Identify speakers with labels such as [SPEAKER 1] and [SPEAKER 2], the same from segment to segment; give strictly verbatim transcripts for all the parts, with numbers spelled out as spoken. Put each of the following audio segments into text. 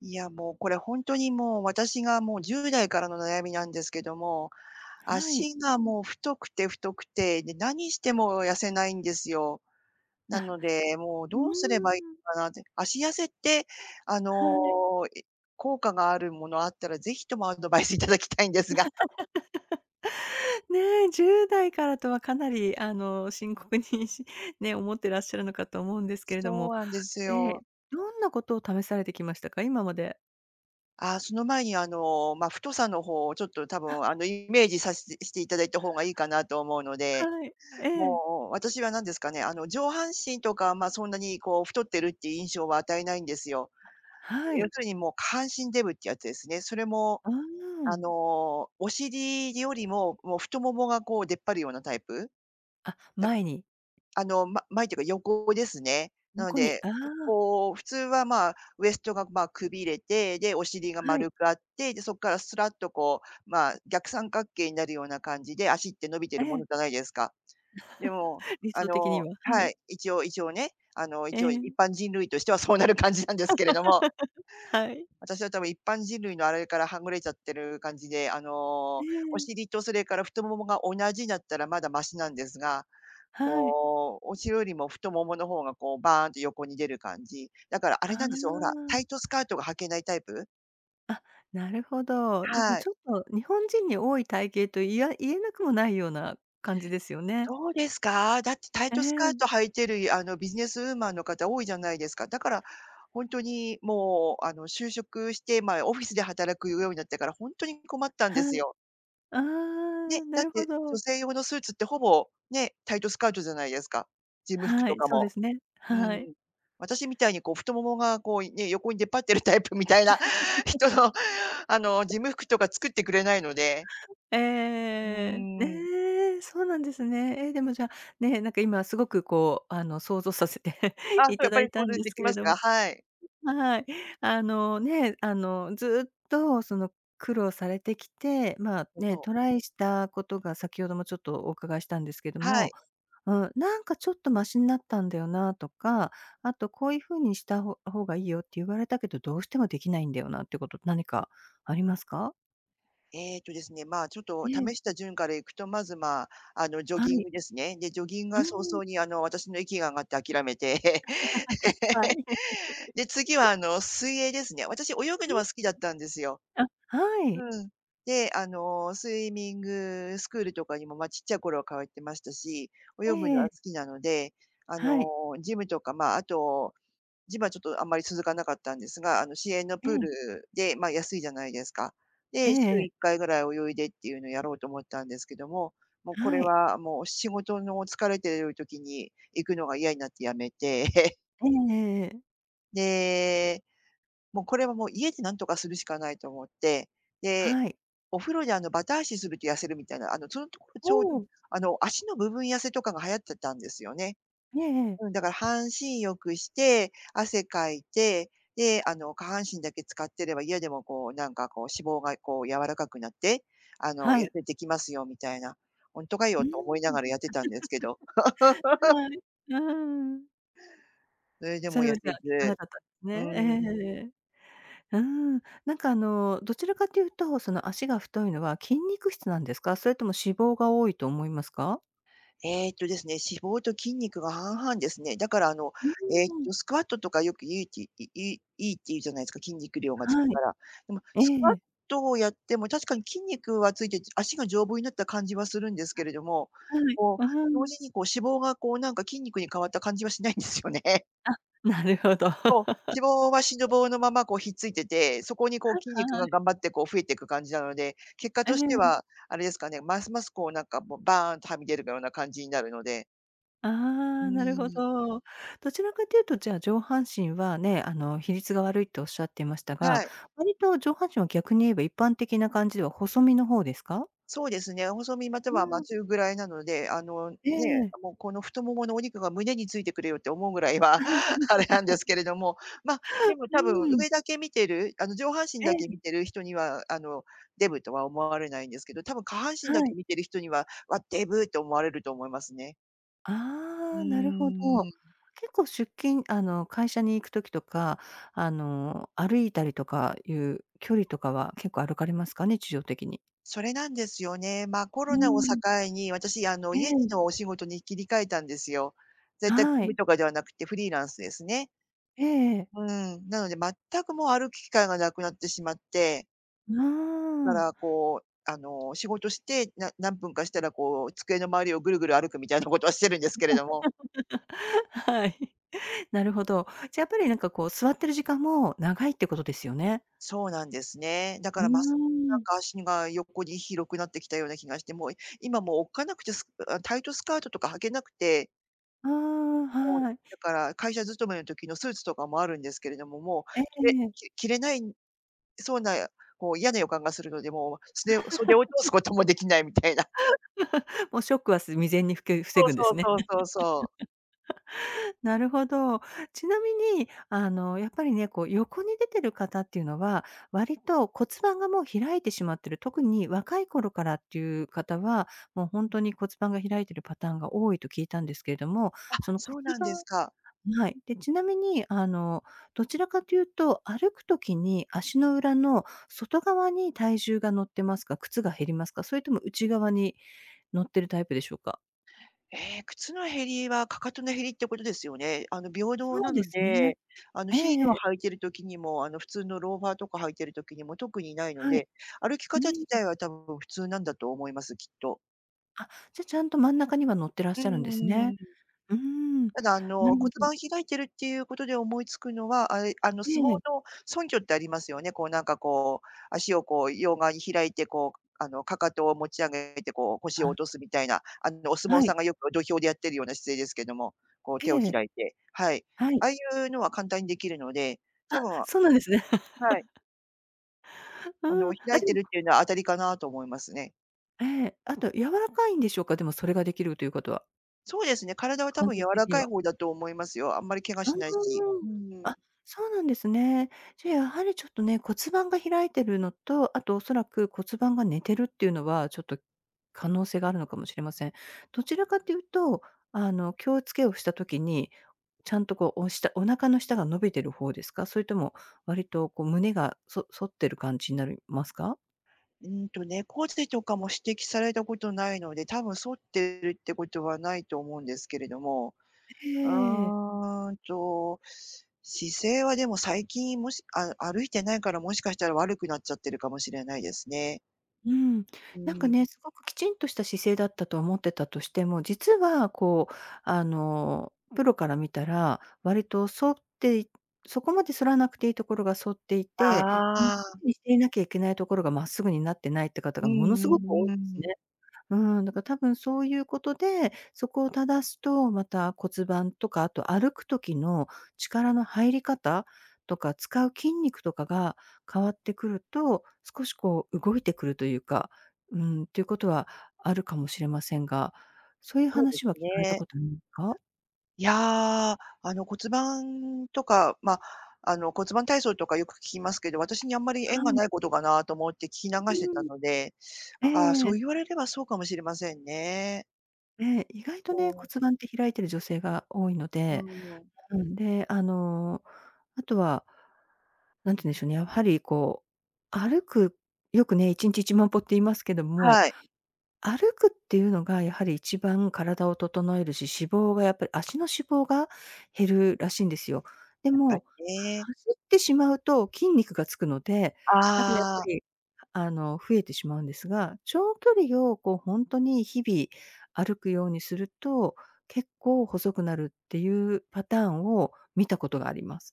[SPEAKER 1] いや、もう、これほんとに、もう、私が、もう、じゅうだいからの悩みなんですけども、
[SPEAKER 2] はい。
[SPEAKER 1] 足がもう太くて、太くて、で何しても痩せないんですよ。な
[SPEAKER 2] あ、
[SPEAKER 1] ので、もう
[SPEAKER 2] うー
[SPEAKER 1] どうすればいい
[SPEAKER 2] ん。
[SPEAKER 1] かなって。脚痩せって、あ
[SPEAKER 2] は
[SPEAKER 1] の、
[SPEAKER 2] い。
[SPEAKER 1] え効果があるものあったら是非ともアドバイス頂きたいんですが。
[SPEAKER 2] ねえ、じゅうだいからとはかなり、あの、深刻にしね、思ってらっしゃるのかと思うんですけれど
[SPEAKER 1] そ
[SPEAKER 2] も、
[SPEAKER 1] うなんです
[SPEAKER 2] ええ、
[SPEAKER 1] よ。
[SPEAKER 2] どんなことを試されてきましたか？今まで。
[SPEAKER 1] ああ、その前に、あの、ま、太さのほうをちょっと多分、あの、イメージさせてしていただいたほうがいいかなと思う ので、
[SPEAKER 2] はい、ええ。
[SPEAKER 1] もう、私は何ですかね、あの、上半身とかは、ま、そんなに、こう、太ってるっていう印象を与えないんですよ。
[SPEAKER 2] は
[SPEAKER 1] 要
[SPEAKER 2] い。
[SPEAKER 1] するに、もう、下半身デブっていうやつですね。それも、
[SPEAKER 2] あ
[SPEAKER 1] あ
[SPEAKER 2] あ。
[SPEAKER 1] の、お尻よりも、もう、太ももが、こう、出っ張るようなタイプ。
[SPEAKER 2] あ、
[SPEAKER 1] や、
[SPEAKER 2] 前に。
[SPEAKER 1] あの、ま前っていうか横ですね。なの
[SPEAKER 2] 横に。
[SPEAKER 1] で、
[SPEAKER 2] ああ。
[SPEAKER 1] こう、普通は、まあ、ウエストが、まあ、くびれて、で、お尻が
[SPEAKER 2] は
[SPEAKER 1] 丸
[SPEAKER 2] い。
[SPEAKER 1] くあって、で、そこからすらっと、こう、まあ、逆三角形になるような感じで足って伸びてい
[SPEAKER 2] え
[SPEAKER 1] るもの
[SPEAKER 2] え。
[SPEAKER 1] じゃないですか。でも、
[SPEAKER 2] 理
[SPEAKER 1] あ
[SPEAKER 2] 想的に
[SPEAKER 1] の、
[SPEAKER 2] は、は
[SPEAKER 1] は
[SPEAKER 2] い。
[SPEAKER 1] い。一応一応ね。あの、
[SPEAKER 2] え
[SPEAKER 1] 一応一
[SPEAKER 2] え。
[SPEAKER 1] 般人類としてはそうなる感じなんですけれども。
[SPEAKER 2] はい。
[SPEAKER 1] 私は多分一般人類のあれからはぐれちゃってる感じで、あ
[SPEAKER 2] え
[SPEAKER 1] の、お
[SPEAKER 2] え。
[SPEAKER 1] 尻とそれから太ももが同じなったらまだましなんですが、
[SPEAKER 2] はい。
[SPEAKER 1] こう、おしろよりも太もものほうが、こう、バーンって横に出る感じ。だからあれ
[SPEAKER 2] あ
[SPEAKER 1] なんですよ、ほら、
[SPEAKER 2] あ。
[SPEAKER 1] タイトスカートが履けないタイプ。
[SPEAKER 2] あっ、なるほど。でも
[SPEAKER 1] はい。
[SPEAKER 2] ちょっと日本人に多い体型と、いや言えなくもないような感じですよね。
[SPEAKER 1] そうですか？だってタイ
[SPEAKER 2] え
[SPEAKER 1] トスカー
[SPEAKER 2] え。
[SPEAKER 1] ト履いてる、あの、ビジネスウーマンの方多いじゃないですか。だから、ほんとにもうあの就職してまあオフィスで働くようになってから、ほんとに困ったんで
[SPEAKER 2] は
[SPEAKER 1] す
[SPEAKER 2] い。
[SPEAKER 1] よ。
[SPEAKER 2] あ
[SPEAKER 1] ね、
[SPEAKER 2] あ、な
[SPEAKER 1] だっ
[SPEAKER 2] るほ
[SPEAKER 1] て、女
[SPEAKER 2] ど。
[SPEAKER 1] 性用のスーツってほぼ、ね、タイトスカートじゃないですか。事務服
[SPEAKER 2] は
[SPEAKER 1] と
[SPEAKER 2] い、
[SPEAKER 1] か
[SPEAKER 2] そうで
[SPEAKER 1] も。
[SPEAKER 2] すね。
[SPEAKER 1] うんう
[SPEAKER 2] はい。
[SPEAKER 1] ん。私みたいにこう太ももがこうね、横に出っ張ってるタイプみたいな人の、あの、事 務服とか作ってくれないので。
[SPEAKER 2] ええ
[SPEAKER 1] う
[SPEAKER 2] ええええええ。
[SPEAKER 1] ーん。
[SPEAKER 2] ええ、そうなんですね。ええ、でもじゃあ、ね、なんか今すごくこうあの想像させて
[SPEAKER 1] あ、そうやっぱ
[SPEAKER 2] 頂い
[SPEAKER 1] り、
[SPEAKER 2] た
[SPEAKER 1] そ
[SPEAKER 2] ん
[SPEAKER 1] れ
[SPEAKER 2] で
[SPEAKER 1] で
[SPEAKER 2] す
[SPEAKER 1] き
[SPEAKER 2] け
[SPEAKER 1] ま
[SPEAKER 2] れ
[SPEAKER 1] す
[SPEAKER 2] ども。
[SPEAKER 1] か？はい。
[SPEAKER 2] はい。あのね、あのずっとその苦労されてきて、まあ
[SPEAKER 1] うん、
[SPEAKER 2] ね、
[SPEAKER 1] そう。
[SPEAKER 2] トライしたことが先ほどもちょっとお伺いしたんですけど
[SPEAKER 1] はい。
[SPEAKER 2] も、うん、なんかちょっとマシになったんだよなとか、あとこういうふうにしたほ方が良いよって言われたけど、どうしてもできないんだよなってこと、何かありますか？
[SPEAKER 1] えっとですね、まあ、ちょっ
[SPEAKER 2] え
[SPEAKER 1] と
[SPEAKER 2] え、ん。
[SPEAKER 1] 試した順からいくとまずまあ、あのジョ
[SPEAKER 2] は
[SPEAKER 1] ギン
[SPEAKER 2] い。
[SPEAKER 1] グですね。で、ジョギング
[SPEAKER 2] う
[SPEAKER 1] が早
[SPEAKER 2] ん。
[SPEAKER 1] 々にあの、私の息が上がって諦めて。
[SPEAKER 2] は い。
[SPEAKER 1] で、次は あの水泳ですね。私泳ぐ
[SPEAKER 2] う
[SPEAKER 1] の
[SPEAKER 2] ん。ん。
[SPEAKER 1] は好きだったんですよ。
[SPEAKER 2] あ、はい。
[SPEAKER 1] うん。で、あの、スイミングスクールとかにもま、ちっちゃい頃は通ってましたし、泳ぐの
[SPEAKER 2] え
[SPEAKER 1] は
[SPEAKER 2] え。
[SPEAKER 1] 好きなので、あ
[SPEAKER 2] はい。
[SPEAKER 1] のジムとかまあ、あと、ジムはちょっとあんまり続かなかったんですが、あの市営の
[SPEAKER 2] え、
[SPEAKER 1] プー
[SPEAKER 2] うん。
[SPEAKER 1] ルで、ま、安いじゃないですか。
[SPEAKER 2] え
[SPEAKER 1] で、しゅう
[SPEAKER 2] ええ。
[SPEAKER 1] いっかいぐらい泳いでっていうのをやろうと思ったんですけども、もうこ
[SPEAKER 2] は
[SPEAKER 1] れ
[SPEAKER 2] い。
[SPEAKER 1] はもう仕事の疲れてる時に行くのが嫌になってやめて。
[SPEAKER 2] ええええええ。
[SPEAKER 1] で、「もう、これはもう家でなんとかするしかない」と思って、で、
[SPEAKER 2] はい。
[SPEAKER 1] お風呂であのバタ足すると痩せるみたいな、あの、そのところちょうど、
[SPEAKER 2] お、う
[SPEAKER 1] て
[SPEAKER 2] ん。
[SPEAKER 1] さ、あの足の部分痩せとかが流行ってたんですよね。
[SPEAKER 2] いえ、ええ。
[SPEAKER 1] うん、だから半身浴して、汗かいて、で、あの、下半身だけ浸かってれば家でもこう、なんか、こう、脂肪がこう柔らかくなって、あの、
[SPEAKER 2] は
[SPEAKER 1] 痩
[SPEAKER 2] い。
[SPEAKER 1] せてきますよみたいな。「ほんとか
[SPEAKER 2] う
[SPEAKER 1] よ」
[SPEAKER 2] ーん。あん。
[SPEAKER 1] と思いな がらやってたんですけど
[SPEAKER 2] はい。あ、うーん。
[SPEAKER 1] それで
[SPEAKER 2] そ
[SPEAKER 1] も
[SPEAKER 2] れ
[SPEAKER 1] 痩
[SPEAKER 2] はじゃ
[SPEAKER 1] せ
[SPEAKER 2] あ効かな
[SPEAKER 1] ず、
[SPEAKER 2] かったすね。え、え
[SPEAKER 1] うん。
[SPEAKER 2] ええ。うん、なんかあの、どちらかと言うと、その足が太いのは筋肉質なんですか、それとも脂肪が多いと思いますか？
[SPEAKER 1] えっとですね、脂肪と筋肉が半々ですね。だからあの
[SPEAKER 2] う
[SPEAKER 1] えっ
[SPEAKER 2] うーん。
[SPEAKER 1] と、スクワットとかよくいいって、いいい良いって言うじゃないすか、筋肉量がつ
[SPEAKER 2] は
[SPEAKER 1] く
[SPEAKER 2] い。
[SPEAKER 1] から。でも、スク
[SPEAKER 2] え
[SPEAKER 1] ワッ
[SPEAKER 2] え。
[SPEAKER 1] トをやっても確かに筋肉はついてじ足が丈夫になった感じはするんですけれども、
[SPEAKER 2] あ、はい。
[SPEAKER 1] こ
[SPEAKER 2] ああ、
[SPEAKER 1] う、
[SPEAKER 2] う
[SPEAKER 1] 同
[SPEAKER 2] ん。
[SPEAKER 1] 時にこう脂肪がこうなんか筋肉に変わった感じはしないんですよね。
[SPEAKER 2] あ、なるほど。
[SPEAKER 1] そう、脂肪は しの
[SPEAKER 2] [unintelligible]
[SPEAKER 1] ぼうのまま、こうひっついてて、そこにこう
[SPEAKER 2] はい
[SPEAKER 1] 筋肉
[SPEAKER 2] は
[SPEAKER 1] が
[SPEAKER 2] い。
[SPEAKER 1] 頑張ってこう増えてく感じなので、結果
[SPEAKER 2] え
[SPEAKER 1] として
[SPEAKER 2] え。
[SPEAKER 1] はあれですかね、ますますこうなんかもうバーンとはみ出るような感じになるので。
[SPEAKER 2] あ
[SPEAKER 1] う
[SPEAKER 2] あ、
[SPEAKER 1] ー
[SPEAKER 2] なるほ
[SPEAKER 1] ん。
[SPEAKER 2] ど。どちらかと言うとじゃあ、上半身はね、あの比率が悪いっておっしゃってましたが、
[SPEAKER 1] はい。
[SPEAKER 2] 割と上半身は逆に言えば、一般的な感じでは細身の方ですか？
[SPEAKER 1] そうですね、細身また
[SPEAKER 2] う
[SPEAKER 1] はまあ
[SPEAKER 2] ん。
[SPEAKER 1] 中ぐらいなので、あのね
[SPEAKER 2] ええ。
[SPEAKER 1] え、もうこの太もものお肉が胸についてくれよって思うぐらいは、あれなんですけれども、まあ、でも
[SPEAKER 2] う
[SPEAKER 1] 多分
[SPEAKER 2] ん。
[SPEAKER 1] 上だけ見てる、あの上半身
[SPEAKER 2] え
[SPEAKER 1] だけ
[SPEAKER 2] え。
[SPEAKER 1] 見てる人にはあの、デブとは思われないんですけど、多分下半身
[SPEAKER 2] は
[SPEAKER 1] だけ
[SPEAKER 2] い。
[SPEAKER 1] 見てる人には、わ、デブって思われると思いますね。う
[SPEAKER 2] ああ、なるほ
[SPEAKER 1] ー
[SPEAKER 2] ど。
[SPEAKER 1] ん。
[SPEAKER 2] 結構出勤あの会社に行く時とか、あの歩いたりとかいう距離とかは結構歩かれますかね？日常的に。
[SPEAKER 1] それなんですよね、まあコ
[SPEAKER 2] う
[SPEAKER 1] ロナを境
[SPEAKER 2] ん。
[SPEAKER 1] に、私あの、
[SPEAKER 2] え
[SPEAKER 1] 家で
[SPEAKER 2] え。
[SPEAKER 1] のお仕事に切り替えたんですよ。在宅
[SPEAKER 2] は
[SPEAKER 1] 勤
[SPEAKER 2] い。
[SPEAKER 1] 務とかではなくてフリーランスですね。
[SPEAKER 2] ええええ。
[SPEAKER 1] うーん、なので、全くもう歩く機会が無くなってしまって。
[SPEAKER 2] うー
[SPEAKER 1] だか
[SPEAKER 2] ん。
[SPEAKER 1] らこうあの、仕事して、な何分かしたらこう机の周りをぐるぐる歩くみたいなことはしてるんですけれども。
[SPEAKER 2] はい。なるほど。じゃ、やっぱりなんかこう座ってる時間も長いってことですよね？
[SPEAKER 1] そうなんですね。だ
[SPEAKER 2] う
[SPEAKER 1] か
[SPEAKER 2] ー
[SPEAKER 1] らますなん
[SPEAKER 2] ん。
[SPEAKER 1] か脚が横に広くなってきたような気がして、もう今もうおっかなくて、スあ、タイトスカートとか履けなくて。
[SPEAKER 2] ああ、
[SPEAKER 1] もう、
[SPEAKER 2] はい。
[SPEAKER 1] だから会社勤めの時のスーツとかもあるんですけれども、もう
[SPEAKER 2] え
[SPEAKER 1] 着れ
[SPEAKER 2] え。
[SPEAKER 1] き着れない、そうな、こう嫌な予感がするので、もう、素手を袖を通す こともできないみたいな。
[SPEAKER 2] もうショックはす未然にふけ防
[SPEAKER 1] そう
[SPEAKER 2] ぐんで
[SPEAKER 1] そう
[SPEAKER 2] すね。
[SPEAKER 1] そうそうそう。
[SPEAKER 2] なるほど。ちなみに、あの、やっぱりね、こう横に出ている方っていうのは、割と骨盤がもう開いてしまってる。特に若い頃からっていう方は、もうほんとに骨盤が開いているパターンが多いと聞いたんですけれども、
[SPEAKER 1] あ、
[SPEAKER 2] その骨
[SPEAKER 1] そうなんです
[SPEAKER 2] 盤
[SPEAKER 1] か？
[SPEAKER 2] はい。で、ちなみに、あの、どちらかと言うと、歩く時に足の裏の外側に体重が乗ってますか、靴が減りますか？それとも内側に乗ってるタイプでしょうか？
[SPEAKER 1] ええ、靴の減りは踵の減りってことですよね。あの、平等
[SPEAKER 2] そ
[SPEAKER 1] な
[SPEAKER 2] うで
[SPEAKER 1] の
[SPEAKER 2] すね。
[SPEAKER 1] で、あの、
[SPEAKER 2] ええ
[SPEAKER 1] ヒー
[SPEAKER 2] え
[SPEAKER 1] ルを
[SPEAKER 2] え。
[SPEAKER 1] 履いている時にも、あの普通のローファーとか履いている時にも特にないの
[SPEAKER 2] はい。
[SPEAKER 1] で、歩き
[SPEAKER 2] う
[SPEAKER 1] 方自
[SPEAKER 2] ん。
[SPEAKER 1] 体は多分普通なんだと思います、きっと。
[SPEAKER 2] あ、じゃ、ちゃんと真ん中には乗ってらっ
[SPEAKER 1] うー
[SPEAKER 2] しゃるんですね。
[SPEAKER 1] ん。
[SPEAKER 2] うーん、
[SPEAKER 1] ただあ
[SPEAKER 2] な
[SPEAKER 1] の、骨
[SPEAKER 2] るほ
[SPEAKER 1] 盤
[SPEAKER 2] ど。
[SPEAKER 1] を開いているっていうことで思いつくのは、あい、あの、相撲
[SPEAKER 2] ええ。
[SPEAKER 1] の蹲踞ってありますよね、こうなんかこう、足をこう両側に開いてこう、あの、踵を持ち上げてこう腰
[SPEAKER 2] は
[SPEAKER 1] を
[SPEAKER 2] ん。
[SPEAKER 1] 落とすみたいな、あの、お相
[SPEAKER 2] は
[SPEAKER 1] 撲さ
[SPEAKER 2] い。
[SPEAKER 1] んがよく土俵でやっているような姿勢ですけども、こう手
[SPEAKER 2] え
[SPEAKER 1] を
[SPEAKER 2] え。
[SPEAKER 1] 開いて、はい、
[SPEAKER 2] はい。
[SPEAKER 1] ああいうのは簡単にできるので、多
[SPEAKER 2] あ、
[SPEAKER 1] 分は
[SPEAKER 2] そうなんですね。
[SPEAKER 1] い。
[SPEAKER 2] あ
[SPEAKER 1] あの、
[SPEAKER 2] あ、あ、
[SPEAKER 1] 開い
[SPEAKER 2] で
[SPEAKER 1] て
[SPEAKER 2] も。
[SPEAKER 1] るっていうのは当たりかなと思いますね。
[SPEAKER 2] ええ。あと柔らかいんでしょうか？でも、それができるということは。
[SPEAKER 1] そうですね、体は多
[SPEAKER 2] 関
[SPEAKER 1] 分柔
[SPEAKER 2] 節
[SPEAKER 1] ら
[SPEAKER 2] 的に
[SPEAKER 1] かい
[SPEAKER 2] は。
[SPEAKER 1] 方だと思いますよ。あんまり怪我
[SPEAKER 2] う
[SPEAKER 1] しないし。
[SPEAKER 2] ー
[SPEAKER 1] う
[SPEAKER 2] ん。
[SPEAKER 1] ん。
[SPEAKER 2] あ、そうなんですね。じゃあ、やはりちょっとね、骨盤が開いてるのと、あと、恐らく骨盤が寝てるっていうのは、ちょっと、可能性があるのかもしれません。どちらかっていうと、あの、気をつけをした時にちゃんと、こう、おしたお腹の下が伸びてる方ですか？それとも、割と、こう、胸がそ反ってる感じになりますか？
[SPEAKER 1] うんと、猫背とかも指摘されたことないので、多分反ってるってことはないと思うんですけれども。う
[SPEAKER 2] ええ。
[SPEAKER 1] ーんと、姿勢はでも最近もしあ歩いてないからもしかしたら悪くなっちゃってるかもしれないですね。
[SPEAKER 2] うん。
[SPEAKER 1] う
[SPEAKER 2] なんか
[SPEAKER 1] ん。
[SPEAKER 2] ね、凄くきちんとした姿勢だったと思ってたとしても、実は、こう、あの、プロから見たら割と反っていそこまで反らなくていいところが反っていて、真っ
[SPEAKER 1] あ
[SPEAKER 2] す
[SPEAKER 1] あ。
[SPEAKER 2] ぐにしていなきゃいけないところが真っすぐになってないって方
[SPEAKER 1] う
[SPEAKER 2] がものす
[SPEAKER 1] ん
[SPEAKER 2] ごく多
[SPEAKER 1] うん
[SPEAKER 2] い
[SPEAKER 1] う
[SPEAKER 2] です
[SPEAKER 1] ん。
[SPEAKER 2] ね。うーん。だから多分そういうことで、そこを正すとまた骨盤とか、あと歩く時の力の入り方とか使う筋肉とかが変わってくると、少しこう動いてくるというか、うーん、ということはあるかもしれませんが、そういう
[SPEAKER 1] そうで
[SPEAKER 2] 話は
[SPEAKER 1] す
[SPEAKER 2] 聞かれた
[SPEAKER 1] ね。
[SPEAKER 2] ことんか？
[SPEAKER 1] いや、あの、骨盤とか、まあ、あの、骨盤体操とかよく聞きますけど、私にあんまり縁
[SPEAKER 2] は
[SPEAKER 1] が
[SPEAKER 2] い。
[SPEAKER 1] ないことかなと思って聞き流して
[SPEAKER 2] う
[SPEAKER 1] た
[SPEAKER 2] ん。
[SPEAKER 1] ので、ああ、
[SPEAKER 2] え
[SPEAKER 1] そう
[SPEAKER 2] え。
[SPEAKER 1] 言われればそうかもしれませんね。
[SPEAKER 2] ええ、意外とね、
[SPEAKER 1] こ
[SPEAKER 2] 骨
[SPEAKER 1] う。
[SPEAKER 2] 盤って開いている女性が多いの
[SPEAKER 1] う
[SPEAKER 2] で
[SPEAKER 1] ん。
[SPEAKER 2] うん、で、あの、あとはなんて言うんでしょうね、やはりこう、歩く、よくね、いちんちいちまんぽって言いますけども、
[SPEAKER 1] はい。
[SPEAKER 2] 歩くっていうのがやはり一番体を整えるし、脂肪がやっぱり、足の脂肪が減るらしいんですよ。で
[SPEAKER 1] やっぱり
[SPEAKER 2] も、は
[SPEAKER 1] ね。
[SPEAKER 2] 走ってしまうと筋肉がつくので、だかやっぱ
[SPEAKER 1] ああ。
[SPEAKER 2] り、あの、増えてしまうんですが、長距離をこう、ほんとに日々歩くようにすると、結構細くなるっていうパターンを見たことがあります。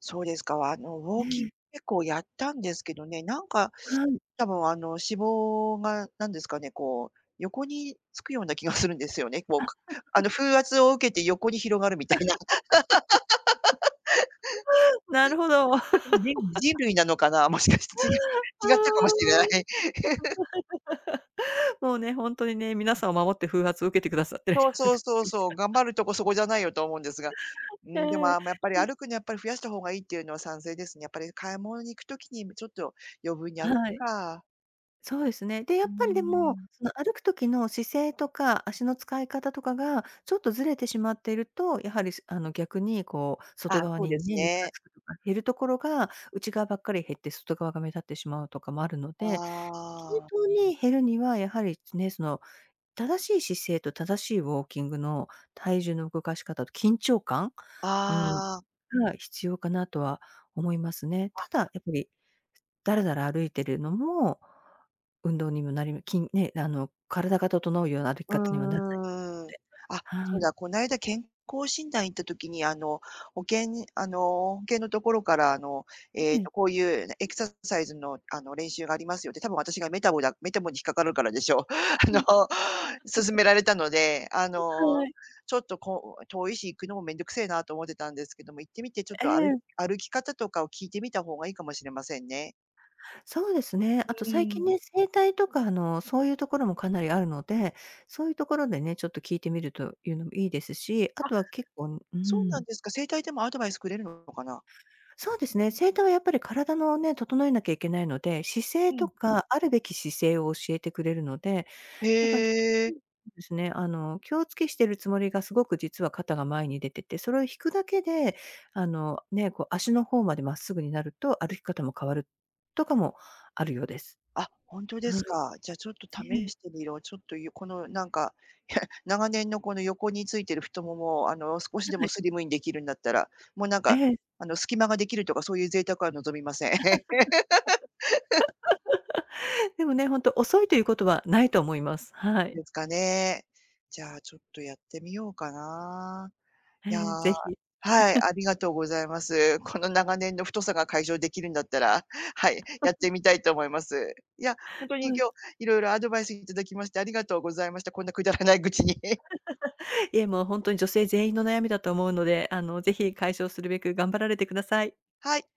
[SPEAKER 1] そうですか、あの、ウ
[SPEAKER 2] う
[SPEAKER 1] ォーキン
[SPEAKER 2] ん。
[SPEAKER 1] 結構やったんですけどね、なんか、
[SPEAKER 2] はい。
[SPEAKER 1] 多分あの、脂肪が何ですかね、こう、横につくような気がするんですよね、ウォーかあ の、風圧を受けて横に広がるみたいな。
[SPEAKER 2] なるほど。
[SPEAKER 1] 私ね、人 類なのかな？もしかして、ちが違ったかもしれない。
[SPEAKER 2] もうね、ほんとにね、皆さんを守って風圧を受けてくださってるよ
[SPEAKER 1] そう
[SPEAKER 2] うな
[SPEAKER 1] そう
[SPEAKER 2] 感
[SPEAKER 1] そう
[SPEAKER 2] です。
[SPEAKER 1] そう、頑 張るとこそこじゃないよと思うんですが、う
[SPEAKER 2] え
[SPEAKER 1] ーん、でも
[SPEAKER 2] え、
[SPEAKER 1] あまやっぱり
[SPEAKER 2] うん。
[SPEAKER 1] 歩くのはやっぱり増やした方がいいっていうのは賛成ですね。やっぱり買い物に行くときに、むちょっと余分に歩
[SPEAKER 2] はい。
[SPEAKER 1] か。
[SPEAKER 2] そうですね、で、や
[SPEAKER 1] う
[SPEAKER 2] っ
[SPEAKER 1] ー
[SPEAKER 2] ぱりでも、
[SPEAKER 1] ん。
[SPEAKER 2] その歩く時の姿勢とか、足の使い方とかが、ちょっとずれてしまっていると、やはり、すあの、逆にこう、外
[SPEAKER 1] あ、
[SPEAKER 2] 側
[SPEAKER 1] そう
[SPEAKER 2] に
[SPEAKER 1] です
[SPEAKER 2] ね、肉が
[SPEAKER 1] ね。
[SPEAKER 2] 付くとか、減るところが、内側ばっかり減って、外側が目立ってしまうとかもあるので、均
[SPEAKER 1] ああ。
[SPEAKER 2] 等に減るには、やはり、つね、その、正しい姿勢と正しいウォーキングの体重の動かし方、緊張感、うん、
[SPEAKER 1] ああ。
[SPEAKER 2] が必要かなとは思いますね。
[SPEAKER 1] あ。
[SPEAKER 2] ただ、やっぱり、だらだら歩いているのも、運動にぐなりうきんね、なの、体が整うような歩き
[SPEAKER 1] う
[SPEAKER 2] 方にもなんないと思っ
[SPEAKER 1] ーん。
[SPEAKER 2] て、
[SPEAKER 1] あ、そ
[SPEAKER 2] は
[SPEAKER 1] う
[SPEAKER 2] い。
[SPEAKER 1] だ、こないだ健康診断行った時にあの、保険にあの、保険のところからあの、え
[SPEAKER 2] え
[SPEAKER 1] っと、
[SPEAKER 2] え。
[SPEAKER 1] こういうエクササイズのあの、練習がありますよって、多分私がメタボだ、メタボに引っかかるからでしょう。
[SPEAKER 2] は
[SPEAKER 1] あの、
[SPEAKER 2] い。
[SPEAKER 1] 勧 められたので、あ
[SPEAKER 2] は
[SPEAKER 1] の、
[SPEAKER 2] い。
[SPEAKER 1] ちょっとこう遠いし、行くのもめんどくせえなと思ってたんですけども、行ってみてちょっ
[SPEAKER 2] え
[SPEAKER 1] と歩い
[SPEAKER 2] え。
[SPEAKER 1] 歩き方とかを聞いてみたほうがいいかもしれませんね。
[SPEAKER 2] そうですね、あと
[SPEAKER 1] う
[SPEAKER 2] 最近
[SPEAKER 1] ん。
[SPEAKER 2] ね、整体とか、あの、そういうところもかなりあるので、そういうところでね、ちょっと聞いてみるというのも良いですし、あ
[SPEAKER 1] あ、
[SPEAKER 2] とは結構、う
[SPEAKER 1] そうなん
[SPEAKER 2] ん。
[SPEAKER 1] ですか、整体でもアドバイスくれるのかな？
[SPEAKER 2] そうですね、整体はやっぱり体のね、整えなきゃいけないので、姿
[SPEAKER 1] う
[SPEAKER 2] 勢と
[SPEAKER 1] ん。
[SPEAKER 2] か、あるべき姿勢を教えてくれるので、なんか、
[SPEAKER 1] へえ。
[SPEAKER 2] ですね、あの気を付けしているつもりがすごく実は肩が前に出てて、それを引くだけで、あの、ね、こう足の方まで真っすぐになると、歩き方も変わる、とかもあるようです。
[SPEAKER 1] あ、ほんとで
[SPEAKER 2] は
[SPEAKER 1] す
[SPEAKER 2] い。
[SPEAKER 1] か。じゃあちょっと
[SPEAKER 2] え
[SPEAKER 1] 試
[SPEAKER 2] え。
[SPEAKER 1] してみよう。ちょっと、ゆこの、なんか、長年のこの横についてる太ももをあの少しで
[SPEAKER 2] は
[SPEAKER 1] も
[SPEAKER 2] い。
[SPEAKER 1] スリムにできるんだったら、もうなんか、
[SPEAKER 2] ええ。
[SPEAKER 1] あの、隙間ができるとかそういう贅沢は望みません。
[SPEAKER 2] でもね、ほんと遅いということはないと思います。はい。
[SPEAKER 1] ですかね。じゃあ、ちょっとやってみようかな。
[SPEAKER 2] え
[SPEAKER 1] いや、
[SPEAKER 2] え、是非。
[SPEAKER 1] はい、あ りがとうございます。この長年の太さが解消できるんだったら、はい、やっ てみたいと思います。いや、ほんと
[SPEAKER 2] は
[SPEAKER 1] に
[SPEAKER 2] い。
[SPEAKER 1] 今日いろいろアドバイス頂きましてありがとうございました。こんなくだらない愚痴に。
[SPEAKER 2] いえ、もうほんとに女性全員の悩みだと思うので、あの、是非解消するべく頑張られてください。
[SPEAKER 1] はい。